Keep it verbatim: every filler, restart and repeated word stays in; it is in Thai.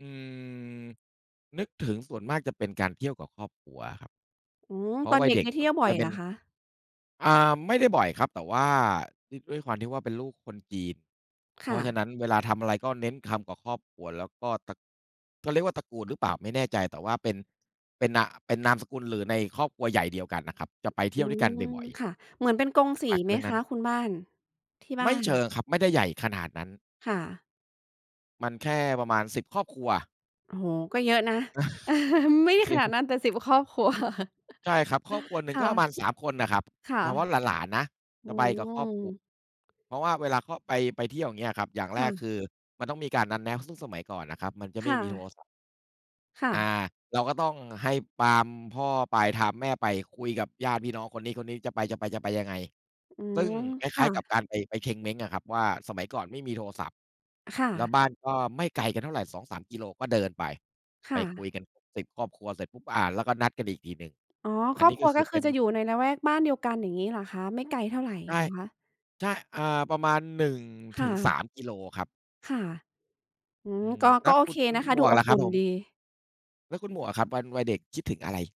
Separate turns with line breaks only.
อืม นึกถึงส่วนมากจะเป็นการเที่ยวกับครอบครัวครับ
อืม
เพรา
ต
ะ
อน
วั
เ
ย
ด็
เ
ก
ด็
ได
ก
้เที่ยวบ่อ
มั
ย
นเป
เห
็
ร
น
อคะ?
อ่า ไม่ได้บ่อยครับ แต่ว่าด้วย ด้วยความที่ว่าเป็นลูกคนจีน
ค
เพร
่
าะฉ
ะ
ะนั้นเวลาทำอะไรก็เน้นทำกับครอบครัว แล้วก็ ต เขาเรียกว่าตระกูลหรือเปล่าไม่แน่ใจ แต่ว่าเป็น เป็นนา เป็นนามสกุล หรือในครอบครัวใหญ่เดียวกันน่ะครับ จะไปเท
อ
ี
ื
่ยวด้วยกันบ
ม
่อย
ค่ะ เหมือนเป็นกง
ๆ
สี
หลัก
ไ
ๆ
ห
เ
ม
รื่อง
ค
นั้
ะ
น
คุณบ้าน? ที่บ
ไม
้า
่เ
น
ชิงครับ ไม่ได้ใหญ่ขนาดนั้น
ค่ะ
มันแค่ประมาณ สิบ ครอบครัว
โอ้โฮ ก็เยอะนะ ไม่
จ
ข
ริง
นาดนั้นแต่ สิบ ครอบครัว
ใช่ครับ ครอบครัวหนึ่
ค
งก
่
็ประ
ะ
มาณ สาม คนน่ะครับ
ค่ะ
เฉพาะหลาน ๆ นะ
อ
จ
ื
ะไปกับครอบ
ม
ครัว เพราะว่าเวลาเขาไป ไปเที่ยว อย่างเงี้ยอะครับ อย่าง
ค
แร
่
ก
ะ
คือมันต้องมีการนัดแนะ ซึ่งสมัยก่อนน่ะครับ มันจะ
ค
ไม่
่
มีโท
ะ
รศัพท์
ค่
อา
ะ
เราก็ต้องให้ปามพ่อไปทามแม่ไป คุยกับญาติพี่น้องคนนี้ ๆ จะไป ๆ จะไปยังไง
อื
ซึ่ง
ม
คล
ค
้
่
าย ๆ
ะ
กับการไป ไปเชงเม้งอะครับ ว่าสมัยก่อนไม่มีโทรศัพท์
ค่
แล้ว
ะ
บ้านก็ไม่ไกลกันเท่าไร สองสาม กิโล ก็เดินไป
ค
ไป
่
คุ
ะ
ยกันครบ สิบ ครอบครัวเสร็จปุ๊บ อา แล้วก็นัดกันอีกทีหนึ่ง
อ๋อ
อ
ค
ัน
รอ
น
บ
ี้
คร
ก็
ัว
คื
ก็
อ
ค
เป
ือ
็น
จะอยู่ในละแวกบ้านเดียวกัน อย่างงี้เหรอคะ ไม่ไกลเท่าไร
ใกล้
เหรอคะ?
ใช่ อ่า ประมาณ หนึ่ง
ค
ถ
่
ึงส
ะ
าม กิโลครับ
ค่ะ อื
อื
ม
ม
ก็
แล
ก
้
็
ว
โอ
คุ
เค
ณ
นะคะ
หม
ดู
วก
อ
ล่
บ
ะค
อ
รั
ุ
บ
่น
ผม?
ดี
แล้วคุณหมวกอะครับ วัน วัยเด็กคิดถึงอะไร?